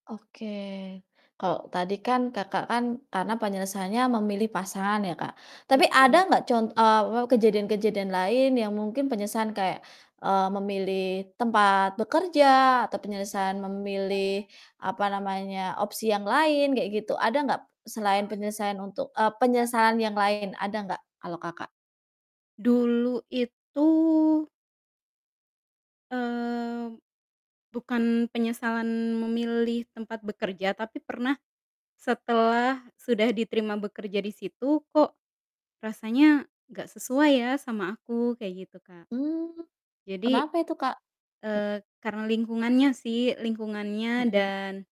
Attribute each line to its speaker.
Speaker 1: Oke, kalau tadi kan Kakak kan, karena penyesalanya memilih pasangan ya Kak, tapi
Speaker 2: Betul.
Speaker 1: ada gak con apa, kejadian-kejadian lain yang mungkin penyesalan kayak, eee, memilih tempat bekerja atau penyesalan memilih apa namanya opsi yang lain kayak gitu, ada gak, selain penyelesaian untuk eee, penyesalan yang lain ada gak kalau Kakak?
Speaker 2: Dulu itu mmm, bukan penyesalan memilih tempat bekerja tapi pernah, setelah sudah diterima bekerja di situ kok, rasanya gak sesuai ya sama aku, kayak gitu, Kak.
Speaker 1: Mmm,
Speaker 2: Jadi,
Speaker 1: kenapa itu Kak? M
Speaker 2: eee, karena lingkungannya sih lingkungannya
Speaker 1: Mhm.
Speaker 2: dan